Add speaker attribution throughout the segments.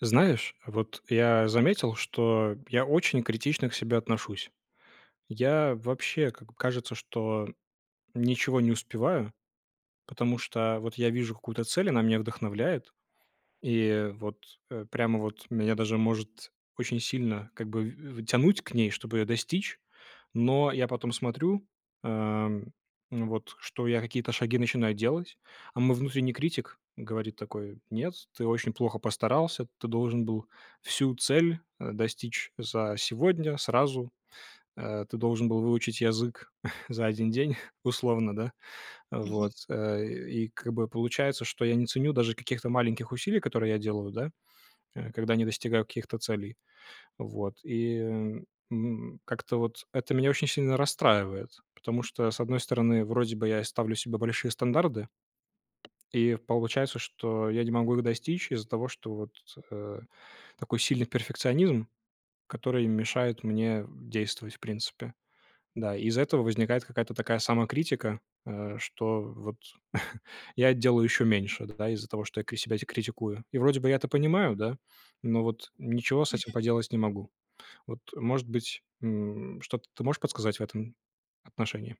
Speaker 1: Знаешь, вот я заметил, что я очень критично к себе отношусь. Я вообще, как бы кажется, что ничего не успеваю, потому что вот я вижу какую-то цель, она меня вдохновляет, и вот, э, прямо вот меня даже может очень сильно как бы в в тянуть к ней, чтобы ее достичь. Но я потом смотрю, а, ну вот, что я какие-то шаги начинаю делать, а мой внутренний критик говорит такой: "Нет, ты очень плохо постарался, ты должен был всю цель, э, достичь за сегодня, сразу, э, ты должен был выучить язык за 1 день", условно, да.
Speaker 2: Мгм.
Speaker 1: Вот. Э, и как бы получается, что я не ценю даже каких-то маленьких усилий, которые я делаю, да, э, когда не достигаю каких-то целей. Вот. И, м, как-то вот это меня очень сильно расстраивает, потому что, с одной стороны, вроде бы и я ставлю себе большие стандарты и получается, что я не могу их достичь из-за того, что вот, э, такой сильный перфекционизм, который мешает мне действовать, в принципе. Да, из-за этого возникает какая-то такая самокритика, э, что вот я делаю еще меньше, да, из-за того, что я кри себя критикую. И вроде бы я это понимаю, да, но вот ничего с
Speaker 2: Мгм.
Speaker 1: этим поделать не могу. Вот, может быть, м, что-то ты можешь подсказать в этом отношении?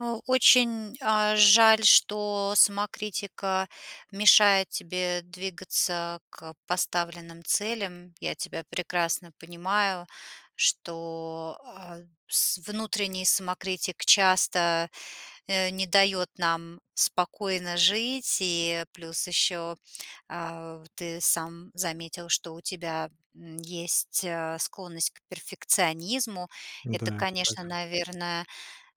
Speaker 2: А, очень, э, жаль, что самокритика мешает тебе двигаться к поставленным целям. Я тебя прекрасно понимаю, что, э, с внутренний самокритик часто, э, не дает нам спокойно жить, и плюс еще, э, ты сам заметил, что у тебя, м, есть, э, склонность к перфекционизму. Это,
Speaker 1: Да, это
Speaker 2: конечно,
Speaker 1: так.
Speaker 2: наверное,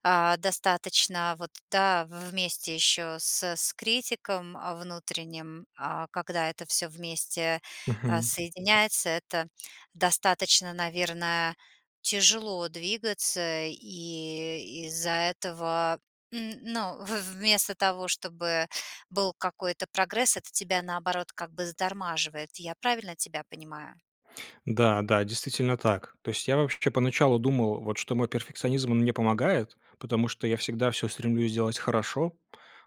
Speaker 2: э, достаточно, вот, да, вместе еще с с критиком, э, внутренним, э, когда это всё вместе, э,
Speaker 1: Мгм.
Speaker 2: соединяется, это, достаточно, наверное, тяжело двигаться, и из-за этого, м, ну, в вместо того, чтобы был какой-то прогресс, это тебя наоборот как бы затормаживает. Я правильно тебя понимаю?
Speaker 1: Да, да, действительно так. То есть я, вообще, поначалу думал, вот, что мой перфекционизм, он мне помогает, потому что я всегда всё стремлюсь делать хорошо,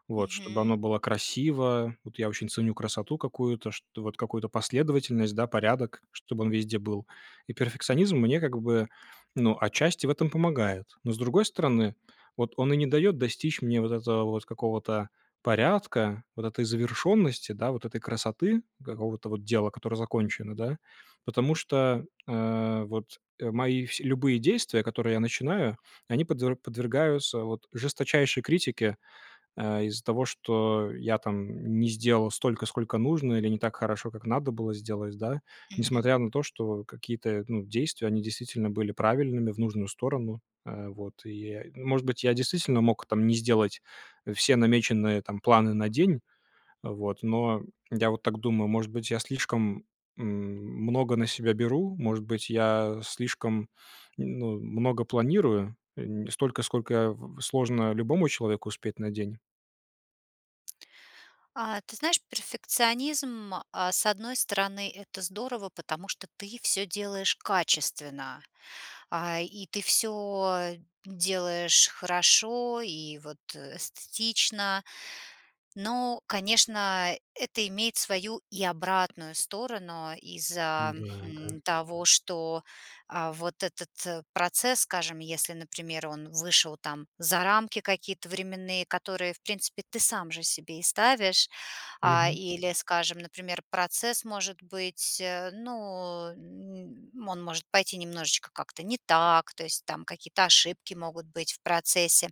Speaker 1: вот, чтобы
Speaker 2: Мгм.
Speaker 1: оно было красиво, вот, я очень ценю красоту какую-то, чт вот, какую-то последовательность, да, порядок, чтобы он везде был. И перфекционизм мне, как бы, ну отчасти в этом помогает. Но, с другой стороны, вот, он и не дает достичь мне, вот, этого вот какого-то порядка, вот этой завершенности, да, вот этой красоты, какого-то, вот, дела, которое закончено, да, потому что, э, вот, э, мои вс любые действия, которые я начинаю, они подве подвергаются, вот, жесточайшей критике, э, из-за того, что я, там, не сделал столько, сколько нужно, или не так хорошо, как надо было сделать, да.
Speaker 2: Мгм.
Speaker 1: Несмотря на то, что какие-то, ну, действия, они действительно были правильными, в нужную сторону, э, вот. И, э, может быть, я действительно мог, там, не сделать, э, все намеченные планы, там, на день, вот, но, я вот так думаю, может быть, я слишком, м, много на себя беру, может быть, я, э, слишком, ну, много планирую, эм, столько, сколько, э, сложно любому человеку успеть на день.
Speaker 2: А, ты знаешь, перфекционизм, э, с одной стороны- это здорово, потому что ты всё делаешь качественно. А, и ты всё делаешь хорошо и вот эстетично. Но, конечно, это имеет свою и обратную сторону из-за,
Speaker 1: Да, да.
Speaker 2: хм, того, что, э, вот этот процесс, скажем, если, например, он вышел там за рамки какие-то временные, которые, в принципе, ты сам же себе и ставишь. А,
Speaker 1: Мгм.
Speaker 2: или, скажем, например, процесс может быть, ну, м, он может пойти немножечко как-то не так, то есть там какие-то ошибки могут быть в процессе.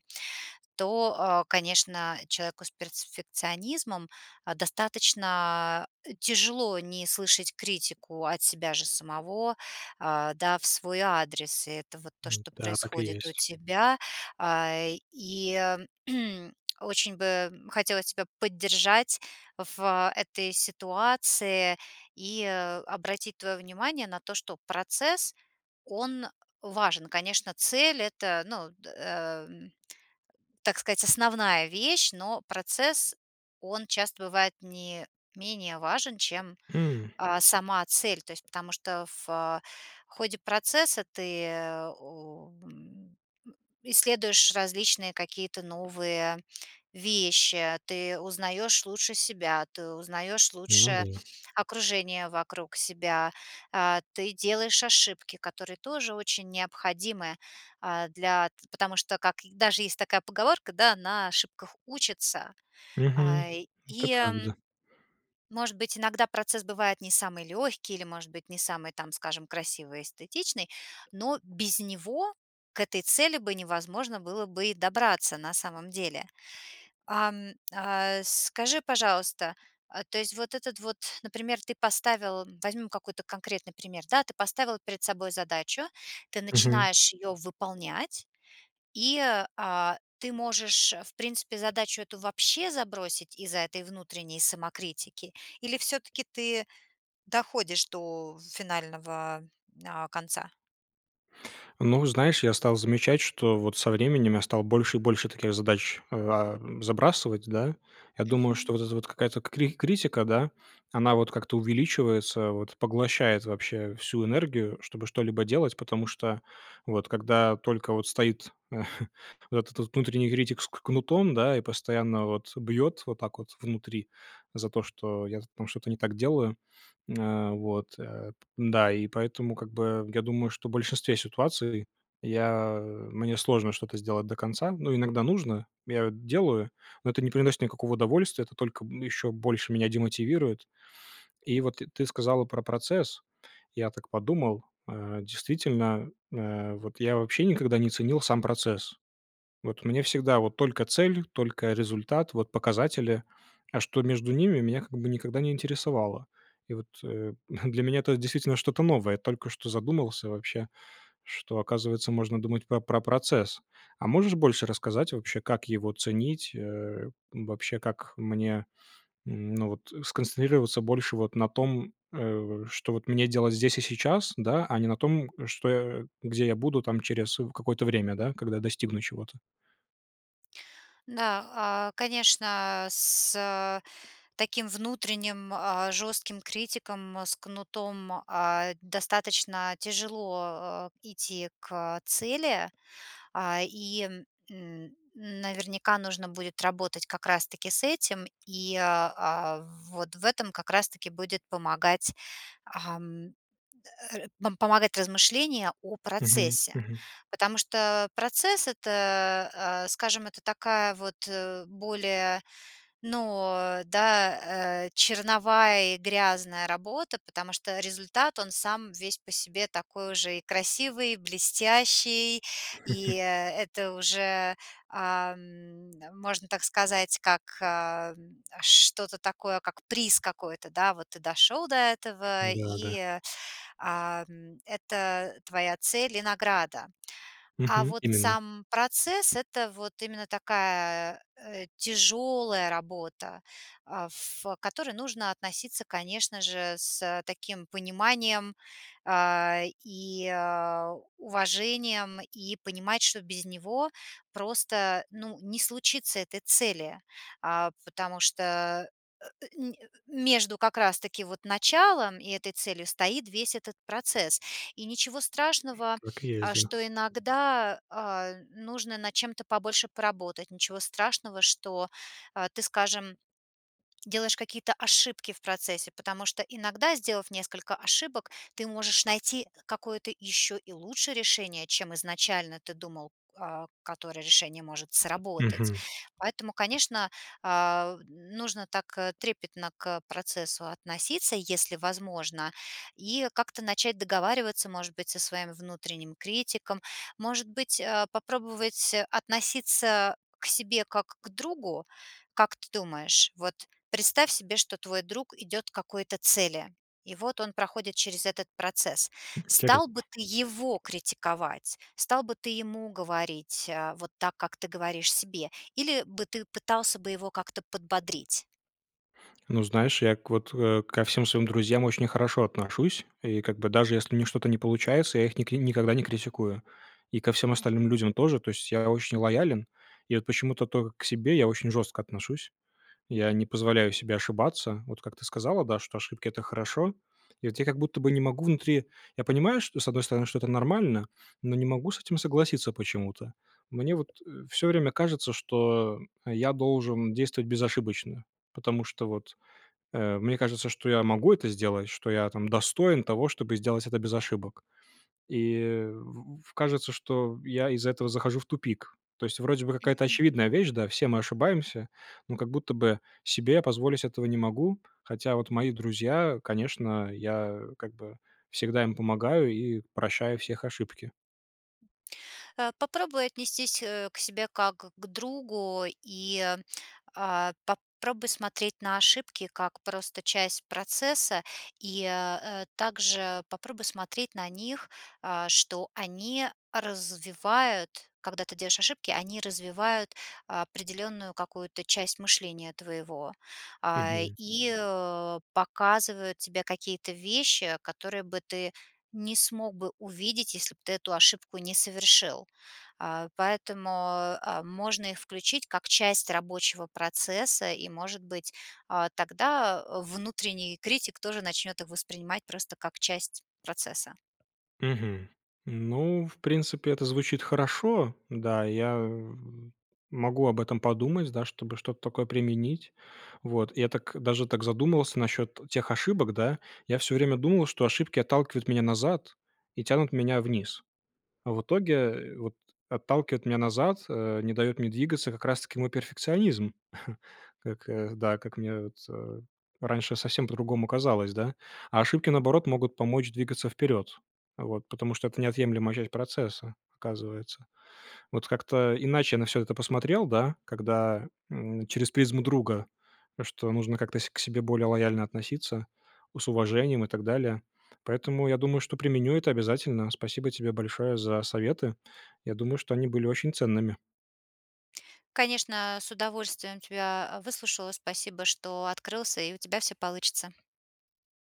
Speaker 2: То, э, конечно, человеку с перфекционизмом достаточно тяжело не слышать критику от себя же самого, а, да, в свой адрес. И это вот то, что
Speaker 1: Да, так и
Speaker 2: происходит у
Speaker 1: есть.
Speaker 2: тебя. Э, и очень бы хотелось тебя поддержать в этой ситуации и обратить твое внимание на то, что процесс- он важен. Конечно, цель- это, ну, э, м, так сказать, основная вещь, но процесс- он часто бывает не менее важен, чем,
Speaker 1: М.
Speaker 2: а, сама цель. То есть потому что в ходе процесса ты, э, м, исследуешь различные какие-то новые вещи, ты узнаёшь лучше себя, ты узнаёшь
Speaker 1: Ну
Speaker 2: лучше
Speaker 1: да.
Speaker 2: окружение вокруг себя, а, ты делаешь ошибки, которые тоже очень необходимы, э, для потому что как даже есть такая поговорка, да, "на ошибках учатся".
Speaker 1: Мгм.
Speaker 2: А,
Speaker 1: Это
Speaker 2: и,
Speaker 1: правда.
Speaker 2: м может быть, иногда процесс бывает не самый легкий или, может быть, не самый там, скажем, красивый и эстетичный, но без него к этой цели бы невозможно было бы и добраться на самом деле. Ам, а, скажи, пожалуйста, а то есть вот этот вот Например, ты поставил Возьмем конкретный пример, да. Ты поставил перед собой задачу, ты
Speaker 1: Мгм.
Speaker 2: начинаешь ее выполнять- и, а, ты можешь, в принципе, задачу эту вообще забросить из-за этой внутренней самокритики, или всё-таки ты доходишь до финального, а, конца?
Speaker 1: Ну, знаешь, я стал замечать, что вот со временем я стал больше и больше таких задач, э, а, забрасывать, да. Я думаю, что
Speaker 2: Мгм.
Speaker 1: вот эта вот какая-то кри критика, да, она вот как-то увеличивается вот, поглощает вообще всю энергию, чтобы что-либо делать. Потому что вот когда только вот стоит вот этот вот внутренний критик с к кнутом, да, и постоянно вот бьет вот так вот внутри за то, что я там что-то не так делаю М, вот, э. Да, и поэтому как бы я думаю, что в большинстве ситуаций я мне сложно что-то сделать до конца. Ну, иногда нужно, я делаю, но это не приносит никакого удовольствия, это только еще больше меня демотивирует. И вот т ты сказала про процесс. Я так подумал, э, действительно, э, вот я вообще никогда не ценил сам процесс. Вот мне всегда вот только цель, только результат, вот показатели, а что между ними- меня как бы никогда не интересовало. И вот, э, для меня это действительно что-то новое. Только что задумался вообще, что, оказывается, можно думать про про процесс. А можешь больше рассказать вообще, как его ценить, э, вообще, как мне, ну, вот сконцентрироваться больше вот на том, э, что вот мне делать здесь и сейчас, да, а не на том, что где я буду там через, э, какое-то время, да, когда достигну чего-то?
Speaker 2: Да, а, конечно, с, а, таким внутренним, а, жестким критиком с кнутом, а, достаточно тяжело, э, идти к цели. А, и н наверняка нужно будет работать как раз таки с этим. И, а, вот в этом как раз таки будет помогать, ам, р помогать размышление о
Speaker 1: Мгм,
Speaker 2: процессе.
Speaker 1: мгм.
Speaker 2: Потому что процесс- это, э, скажем, это такая вот, э, более, ну да, э, черновая и грязная работа. Потому что результат- он сам весь по себе такой уже и красивый, блестящий, и это уже, ам, можно так сказать, как, э, что-то такое, как приз какой-то, да. Вот ты дошел до этого,
Speaker 1: Да, да.
Speaker 2: и, ам, это твоя цель и награда. А
Speaker 1: Мгм.
Speaker 2: вот
Speaker 1: Именно.
Speaker 2: сам процесс- это вот именно такая, э, тяжелая работа, э, ф к которой нужно относиться, конечно же, с таким пониманием, а, и уважением, и понимать, что без него просто, ну, не случится этой цели. А, потому что а а, ни а, между как раз таки вот началом и этой целью стоит весь этот процесс. И ничего страшного,
Speaker 1: Так и
Speaker 2: а,
Speaker 1: есть, да.
Speaker 2: что иногда, а, нужно над чем-то побольше поработать, ничего страшного, что ты, скажем, делаешь какие-то ошибки в процессе, потому что иногда, сделав несколько ошибок, ты можешь найти какое-то еще и лучше решение, чем изначально ты думал, э, которое решение может сработать.
Speaker 1: Мгм.
Speaker 2: Поэтому, конечно, а, нужно так трепетно к процессу относиться, если возможно, и как-то начать договариваться, может быть, со своим внутренним критиком. Может быть, а, попробовать относиться к себе как к другу? Как ты думаешь? Вот представь себе, что твой друг идет к какой-то цели. И вот он проходит через этот процесс. Стал бы
Speaker 1: Интересно.
Speaker 2: ты его критиковать? Стал бы ты ему говорить вот так, как ты говоришь себе? Или бы ты пытался бы его как-то подбодрить?
Speaker 1: Ну, знаешь, я к вот, э, ко всем своим друзьям очень хорошо отношусь. И как бы, даже если у них что-то не получается, я их ник никогда не критикую. И ко всем остальным
Speaker 2: Мгм.
Speaker 1: людям тоже. То есть я очень лоялен, и вот почему-то тока к себе я очень жестко отношусь. Я не позволяю себе ошибаться, вот как ты сказала, да, что: "Ошибки- это хорошо". И от я как будто бы не могу внутри Я понимаю, что, с одной стороны, что это нормально, но не могу с этим согласиться почему-то. Мне вот, э, всё время кажется, что я должен действовать безошибочно, потому что вот, э, мне кажется, что я могу это сделать, что я там достоин того, чтобы сделать это без ошибок. И в кажется, что я из-за этого захожу в тупик. То есть вроде бы какая-то
Speaker 2: Мгм.
Speaker 1: очевидная вещь, да, все мы ошибаемся, но как будто бы себе я позволить этого не могу, хотя вот мои друзья, конечно, я как бы всегда им помогаю и прощаю всех ошибки.
Speaker 2: Э, попробуй отнестись, э, к себе как к другу. И, а, попробуй смотреть на ошибки как просто часть процесса, и, э, также попробуй смотреть на них, а, что они развивают- когда ты делаешь ошибки, они развивают определенную какую-то часть мышления твоего. А,
Speaker 1: Мгм.
Speaker 2: и показывают тебе какие-то вещи, которые бы ты не смог бы увидеть, если б ты эту ошибку не совершил. А, поэтому, э, можно их включить как часть рабочего процесса и, может быть, а, тогда внутренний критик тоже начнет их воспринимать просто как часть процесса.
Speaker 1: Мгм. Ну, в принципе, это звучит хорошо. Да, я, э, могу об этом подумать, да, чтобы что-то такое применить. Вот. Я так, даже так задумался насчет тех ошибок, да. Я всё время думал, что ошибки отталкивают меня назад и тянут меня вниз. А в итоге вот отталкивает меня назад, э, не дает мне двигаться как раз таки мой перфекционизм. Как, да, как мне вот, э, раньше совсем по-другому казалось, да. А ошибки, наоборот, могут помочь двигаться вперед, вот, потому что это неотъемлемая часть процесса, оказывается. Вот как-то иначе я на всё это посмотрел, да, когда, м, через призму друга, что нужно как-то с к себе более лояльно относиться, с уважением и так далее. Поэтому я думаю, что применю это обязательно. Спасибо тебе большое за советы. Я думаю, что они были очень ценными.
Speaker 2: Конечно, с удовольствием тебя выслушала. Спасибо, что открылся, и у тебя всё получится!